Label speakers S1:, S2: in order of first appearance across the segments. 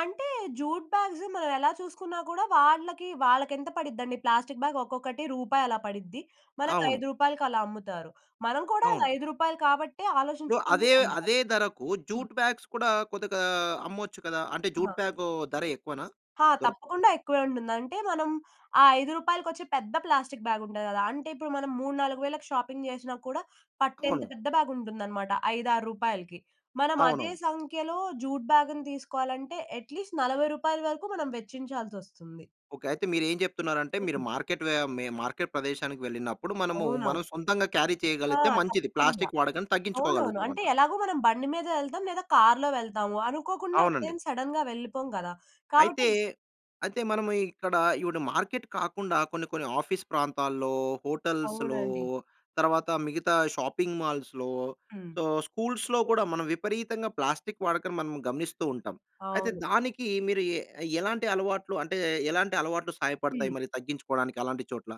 S1: అంటే, jute bags మనవెలా చూసుకున్నా కూడా వాళ్ళకీ, వాళ్ళకెంత పడిద్దండి ప్లాస్టిక్ బ్యాగ్ ఒక్కొక్కటి రూపాయి అలా పడిద్ది. మనకు
S2: అవును.
S1: 5 రూపాయలకలా అమ్ముతారు. మనం కూడా
S2: అవును.
S1: రూ. 5 కాబట్టే
S2: ఇప్పుడు
S1: ఆలోచించుకునే
S2: అదే,
S1: కొంటాం.
S2: అదే ధరకు
S1: హ్మ్.
S2: జూట్ బ్యాగ్స్ కూడా కొద్దిగా అమ్మొచ్చు కదా! అంటే,
S1: ఆహా!
S2: జూట్ ప్యాకూ ధర ఎక్కువనా?
S1: ఆ!
S2: దొరకు
S1: తప్పకుండా ఎక్కువే ఉంటుంది. అంటే, మనం ఆ 5 రూపాయలకొచ్చే పెద్ద ప్లాస్టిక్ బ్యాగుంటది గదా! అంటే, ఇప్పుడు మనం 3, 4 వేలకి షాపింగ్ జేసినా కూడా పట్టేంత
S2: అవును.
S1: పెద్ద బ్యాగుంటుందనమాట 5, 6 రూపాయలకి. మనం అదే
S2: అవునవును.
S1: సంఖ్యలో జూట్ బ్యాగుని తీసుకోవాలంటే, ఎట్‌లీస్ట్ రూ. 40 వరకు మనం వెచ్చించాల్సొస్తుంది.
S2: ఓకే. అయితే, మీరేం చెప్తున్నారంటే, మీరు
S1: హ్మ్.
S2: మార్కెట్ వే మె మార్కెట్ ప్రదేశానికి వెళ్ళినప్పుడు మనమూ,
S1: అవునా?
S2: మనం సొంతంగా క్యారీ
S1: ఆ!
S2: చెయగలిగితే మంచిది.
S1: తప్పకుండా.
S2: ప్లాస్టిక్ వాడకం
S1: అవునవును. అంటే,
S2: తగ్గించుకోగలుగుతామంట.
S1: ఎలాగో మనం బండి మీదే యెళ్తాం, లేదా కార్‌లో వెళ్తాము. అనుకోకుండా
S2: అవునండి.
S1: అటేమి సడన్‌గా వెళ్ళిపోము గదా! కాబట్టి
S2: అయితే, అయితే, మనము ఇ ఇక్కడా ఈవిడ మార్కెట్ కాకుండా కొన్ని కొన్ని ఆఫీస్ ప్రాంతాల్లో, హోటల్స్‌లో
S1: అవునండి.
S2: తరవాత మిగతా షాపింగ్ మాల్స్‌లో,
S1: హ్మ్.
S2: సో, స్కూల్స్‌లో కూడా మనం విపరీతంగా ప్లాస్టిక్ వాడకం మనం గమనిస్తూ ఉంటాం. అయితే,
S1: అవును.
S2: దానికి మీరు ఎ ఎలాంటి అలవాట్లు అంటే, ఎలాంటి అలవాట్లు
S1: హ్మ్.
S2: సహాయపడతాయి మరి తగ్గించుకోడానికి అలాంటి చోట్ల.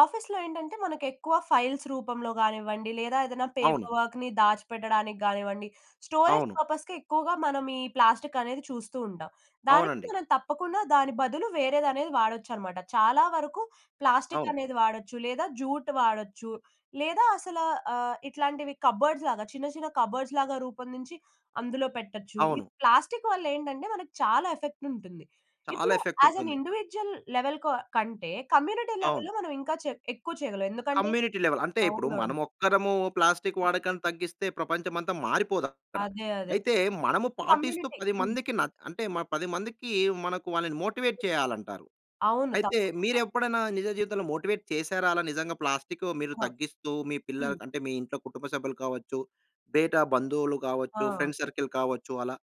S1: ఆఫీస్‌లో ఏంటంటే, మనకి ఎక్కువ ఫైల్స్ రూపంలో గానివ్వండి, లేదా ఏదన్నా
S2: అవును.
S1: పేపర్ వర్క్‌ని దాచిపెట్టడానికి గానివ్వండి, స్టోరేజ్
S2: అవును.
S1: పర్పస్‌కి ఎక్కువగా మనం ఈ ప్లాస్టిక్ అనేది చూస్తూ ఉంటాం. దానికి
S2: అవునండి.
S1: మనం తప్పకుండా దాని బదులు వేరేదనేది వాడొచ్చనమాట. చాలా వరకు ప్లాస్టిక్
S2: అవును.
S1: అనేది వాడొచ్చు, లేదా జూట్ వాడచ్చు, లేదా అసలా ఆహ్, ఇట్లాంటివి కబర్డ్స్‌లాగా చిన్న చిన్న కబర్డ్స్‌లాగా రూపొందించి, అందులో పెట్టచ్చు. ఈ
S2: అవును.
S1: ప్లాస్టిక్ వల్లేంటంటే, మనకి చాలా ఎఫెక్టుంటుంది.
S2: చాలా
S1: ఇప్పుడు యాస్ ఎన్
S2: ఎఫెక్టుంటుంది.
S1: ఇండివిడ్యుయల్, లెవెల్‌ కొ కంటే కమ్యూనిటీ
S2: అవును.
S1: లెవెల్‌లో మనం ఇంకా చే ఎక్కువ చెయగలం. ఎందుకంటే
S2: కమ్యూనిటీ లెవెల్. అంటే, ఇప్పుడు
S1: అవునవును.
S2: మనమొక్కరమూ ప్లాస్టిక్ వాడకాన్ని తగ్గిస్తే ప్రపంచమంతా మారిపోదక్కడ.
S1: అదే. అదే.
S2: అయితే, మనము పాటిస్తూ
S1: కమ్యూనిటీ
S2: 10
S1: హ్మ్.
S2: మందికి న అంటే, మ 10 మందికీ మనకు వాళ్ళని మోటివేట్ చెయ్యాలంటారు.
S1: అవును.
S2: అయితే,
S1: తప్పకుండా.
S2: మీరెప్పుడైనా నిజ జీవితంలో మోటివేట్ చేశారా, అలా నిజంగా ప్లాస్టికు మీరు
S1: ఆ!
S2: తగ్గిస్తూ, మీ
S1: హ్మ్.
S2: పిల్లలకు అంటే, మీ ఇంట్లో కుటుంబ సభ్యులు కావచ్చు, బేటా బంధువులు గావచ్చు,
S1: ఆ!
S2: ఫ్రెండ్ సర్కిల్ కావచ్చు, అలా?